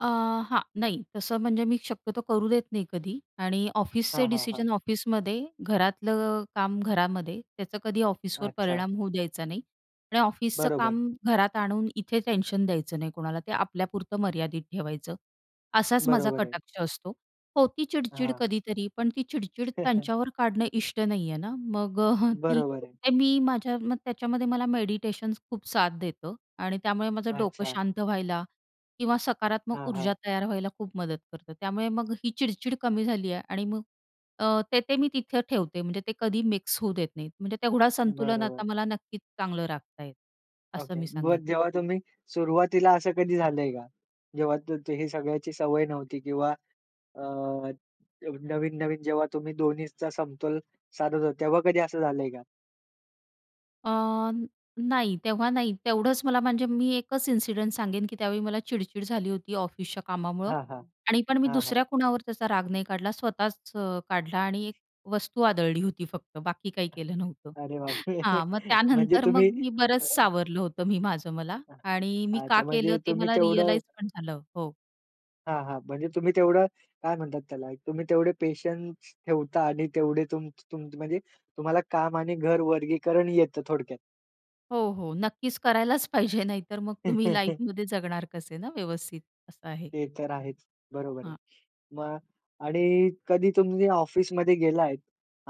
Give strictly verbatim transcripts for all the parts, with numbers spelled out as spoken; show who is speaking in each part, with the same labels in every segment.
Speaker 1: अ, हां, नाही तसं म्हणजे मी शक्यतो करू देत नाही कधी आणि ऑफिसचे
Speaker 2: हां, हां. हां.
Speaker 1: डिसीजन ऑफिसमध्ये, घरातलं अ, काम घरामध्ये, त्याचा कधी ऑफिसवर
Speaker 2: अच्छा.
Speaker 1: परिणाम होऊ द्यायचा नाही आणि ऑफिसचं
Speaker 2: बरोबर.
Speaker 1: काम घरात आणून इथे टेन्शन द्यायचं नाही कोणाला, ते आपल्यापुरतं मर्यादित ठेवायचं असाच माझा
Speaker 2: बरोबर आहे.
Speaker 1: कटाक्ष असतो. होती चिडचिड
Speaker 2: हां.
Speaker 1: कधीतरी पण ती चिडचिड त्यांच्यावर काढणं इष्ट नाही आहे ना. मग अ, ती
Speaker 2: बरोबर आहे.
Speaker 1: ते मी माझ्या मग त्याच्यामध्ये मला मेडिटेशन खूप साथ देतं आणि त्यामुळे माझं डोकं
Speaker 2: अच्छा.
Speaker 1: शांत व्हायला किंवा सकारात्मक
Speaker 2: हां,
Speaker 1: ऊर्जा
Speaker 2: हां.
Speaker 1: तयार व्हायला खूप मदत करतं. त्यामुळे मग ही चिडचिड कमी झाली आहे. आणि मग अ, ते, ते मी तिथे ठेवते म्हणजे ते कधी मिक्स होऊ देत नाही, म्हणजे तेवढा संतुलन आता
Speaker 2: बरोबर.
Speaker 1: मला नक्कीच चांगलं राखता येतं, असं
Speaker 2: ओके,
Speaker 1: मी सांगेन.
Speaker 2: मग जेव्हा तुम्ही सुरुवातीला असं कधी झालंय का, जेव्हा हे सगळ्याची सवय नव्हती किंवा अ, नवीन-नवीन जेव्हा तुम्ही दोन्हीचा समतोल साधत होता, तेव्हा कधी असं झालंय का?
Speaker 1: अ, नाही तेव्हा नाही तेवढंच मला म्हणजे मी एकच इन्सिडेंट सांगेन की त्यावेळी मला चिडचिड झाली होती ऑफिसच्या कामामुळं
Speaker 2: हां, हां.
Speaker 1: आणि पण मी
Speaker 2: हां, हां.
Speaker 1: दुसऱ्या कुणावर त्याचा राग नाही काढला, स्वतःच अ, काढला आणि एक वस्तू आदळली होती फक्त, बाकी काही केलं नव्हतं.
Speaker 2: अरे बापरे!
Speaker 1: हां, मग
Speaker 2: म्हणजे
Speaker 1: त्यानंतर मग
Speaker 2: तुम्ही
Speaker 1: मी बरंच सावरलं होतं मी माझं मला आणि मी का
Speaker 2: अच्छा,
Speaker 1: केलं
Speaker 2: म्हणजे
Speaker 1: ते
Speaker 2: तुम्ही
Speaker 1: मला
Speaker 2: तेवढं
Speaker 1: रिअलाईज पण झालं, हो.
Speaker 2: हां, हां. म्हणजे तुम्ही तेवढं काय म्हणतात त्याला, तुम्ही तेवढे पेशन्स ठेवता आणि तेवढे तुमचे तूम म्हणजे तुम्हाला काम आणि घर वर्गीकरण येतं थोडक्यात.
Speaker 1: हो, हो, नक्कीच करायलाच पाहिजे, नाहीतर मग तुम्ही लाईफमध्ये जगणार कसे ना व्यवस्थित, असं आहे.
Speaker 2: ते तर आहेच. बरोबर आहे.
Speaker 1: हां.
Speaker 2: मग आणि कधी तुम्ही ऑफिसमध्ये गेला आहे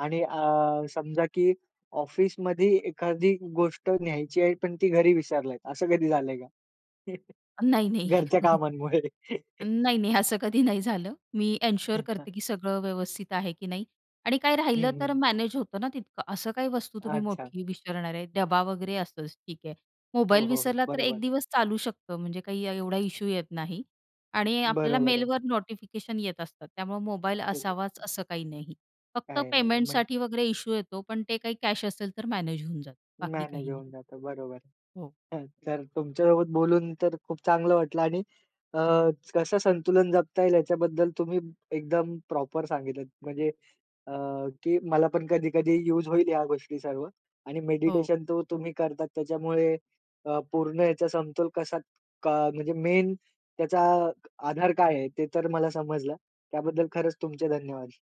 Speaker 2: आणि अ, समजा की ऑफिसमध्ये एखादी गोष्ट न्यायची आहे, पण ती घरी विसरलात असं कधी झालंय का?
Speaker 1: नाही, नाही.
Speaker 2: घरच्या कामांमुळे.
Speaker 1: नाही, नाही असं कधी नाही झालं, मी एन्श्योर करते की सगळं व्यवस्थित आहे की नाही आणि काय
Speaker 2: हं,
Speaker 1: राहिलं तर
Speaker 2: हं.
Speaker 1: मॅनेज होतं ना तितकं. असं काही वस्तू तुम्ही
Speaker 2: अच्छा.
Speaker 1: मोठी विसरणार आहे. डबा वगैरे असंच ठीक आहे.
Speaker 2: हो,
Speaker 1: मोबाईल
Speaker 2: हो. हो,
Speaker 1: विसरला तर
Speaker 2: बरोबर.
Speaker 1: एक दिवस चालू शकतं, म्हणजे काही एवढा इशू येत नाही आणि आपल्याला
Speaker 2: बरोबर आहे.
Speaker 1: मेलवर नोटिफिकेशन येत असतात, त्यामुळं मोबाईल असावाच
Speaker 2: [unintelligible]
Speaker 1: असं काही नाही. फक्त
Speaker 2: काही नाही. म
Speaker 1: पेमेंटसाठी वगैरे इश्यू येतो, पण ते काही कॅश असेल तर मॅनेज होऊन जातं, बाकी
Speaker 2: मॅनेज
Speaker 1: काही नाही.
Speaker 2: होऊन जातो बरोबर
Speaker 1: हो.
Speaker 2: आहे. तर तुमच्यासोबत बोलून तर खूप चांगलं वाटलं आणि अ, कसं संतुलन जपता येईल याच्याबद्दल तुम्ही एकदम प्रॉपर सांगितलं, म्हणजे अ, की मला पण कधी-कधी युज होईल ह्या गोष्टी सर्व. आणि
Speaker 1: हो.
Speaker 2: मेडिटेशन तो तुम्ही करताच, त्याच्यामुळे अ, पूर्ण याचा समतोल कसा क म्हणजे मेन त्याचा आधार काय आहे ते तर मला समजलं. त्याबद्दल खरंच तुमचे धन्यवाद.